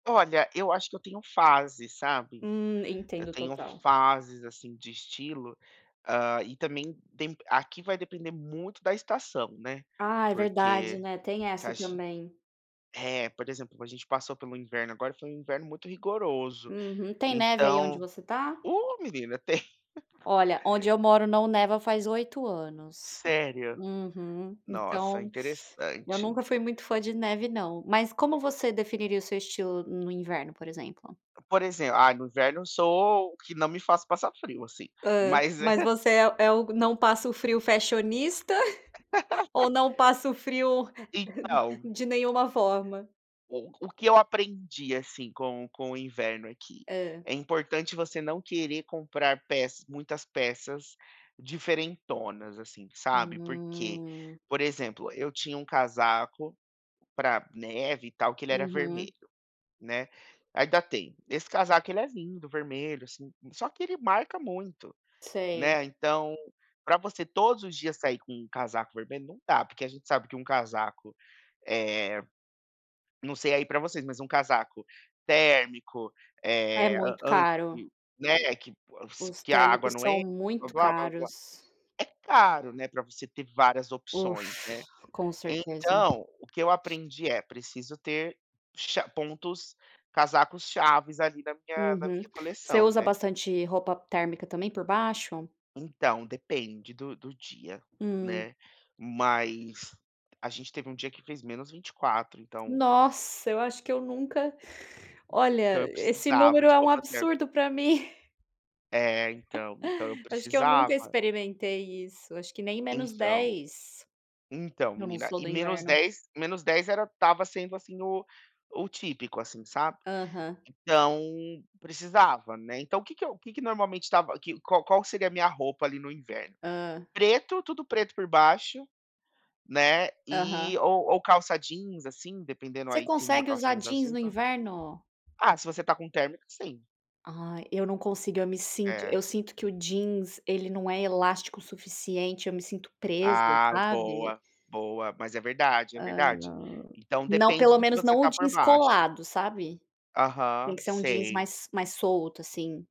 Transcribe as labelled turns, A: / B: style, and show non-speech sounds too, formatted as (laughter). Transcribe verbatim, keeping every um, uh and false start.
A: Olha, eu acho que eu tenho fases, sabe.
B: Hum,
A: Eu
B: entendo
A: tenho
B: total.
A: fases, assim, de estilo, ah, e também tem aqui vai depender muito da estação, né,
B: Ah, é verdade,
A: porque
B: né, tem
A: você
B: essa
A: acha
B: também.
A: é, por exemplo, a gente passou pelo inverno agora, foi um inverno muito rigoroso,
B: Uhum. Tem neve aí onde
A: então
B: você está?
A: ô menina, tem. (laughs)
B: Olha, onde eu moro não neva faz oito anos.
A: Sério?
B: Uhum.
A: Nossa,
B: Então eu
A: interessante.
B: nunca fui muito fã de neve não. Mas como você definiria o seu estilo no inverno, por exemplo?
A: Por exemplo ah, no inverno eu sou o que não me faço passar frio, assim,
B: Hã,
A: mas
B: mas
A: (chuckles) é
B: você é é o não passo frio fashionista (chuckles) ou
A: (laughs)
B: não passo frio (laughs)
A: Então
B: de nenhuma forma?
A: o que eu aprendi, assim, com com o inverno aqui,
B: Hã.
A: é importante você não querer comprar peça muitas peças diferentonas, assim, sabe, porque,
B: Hum.
A: por exemplo, eu tinha um casaco para neve, e tal, que ele era
B: Uhum.
A: vermelho, né, ainda tenho, esse casaco ele é lindo, vermelho assim, só que ele marca muito,
B: Sei.
A: né, então para você todos os dias sair com um casaco vermelho, não dá, porque a gente sabe que um casaco, eh, não sei aí para vocês, mas um casaco térmico,
B: É
A: eh,
B: muito
A: an
B: caro.
A: anti né, que (unintelligible)
B: Os
A: que a água
B: térmicos
A: não
B: são
A: entra,
B: muito
A: blá-blá-blá, blá-blá-blá,
B: caros.
A: é caro, né, para você ter várias opções, né.
B: Ufa, com certeza.
A: Então o que eu aprendi é, preciso ter cha pontos casacos-chaves, ali, na minha na minha
B: Uhum. Você
A: coleção,
B: usa
A: né.
B: bastante roupa térmica, também, por baixo?
A: Então, depende do do dia,
B: Hum.
A: né, mas a gente teve um dia que fez menos vinte e quatro, então
B: Nossa, eu acho que eu nunca,
A: Então
B: olha,
A: eu
B: esse
A: precisava
B: número
A: de
B: é um
A: roupa térmica.
B: absurdo para (chuckles) mim.
A: É
B: (laughs)
A: então, então eu
B: Acho que eu nunca
A: precisava.
B: experimentei isso, acho que nem menos
A: Então
B: dez.
A: Então
B: Eu não
A: menina,
B: sou
A: e
B: do
A: menos
B: inverno.
A: dez menos dez era estava sendo assim o o típico, assim, sabe,
B: Aham.
A: então precisava, né. Então o que que eu o que que normalmente estava que qual qual que seria a minha roupa, ali, no inverno?
B: Hã.
A: Preto, tudo preto por baixo, né, e
B: Aham.
A: ou ou calça jeans, assim, dependendo
B: Você
A: aí, tem uma
B: consegue
A: calça
B: usar
A: mais
B: jeans
A: azul,
B: no
A: tal.
B: inverno?
A: Ah, se você está com térmica, sim.
B: Ai, eu não consigo, eu me sinto eu
A: É.
B: sinto que o jeans, ele não é elástico suficiente, eu me sinto presa,
A: Ah,
B: sabe.
A: boa, boa. Mas é verdade, é
B: Hã,
A: verdade.
B: não.
A: Então
B: Não,
A: depende
B: pelo
A: do que
B: menos
A: você
B: não o
A: está por
B: jeans
A: baixo.
B: colado, sabe. Tem
A: Aham,
B: que ser um jeans
A: sei.
B: mais mais solto, assim.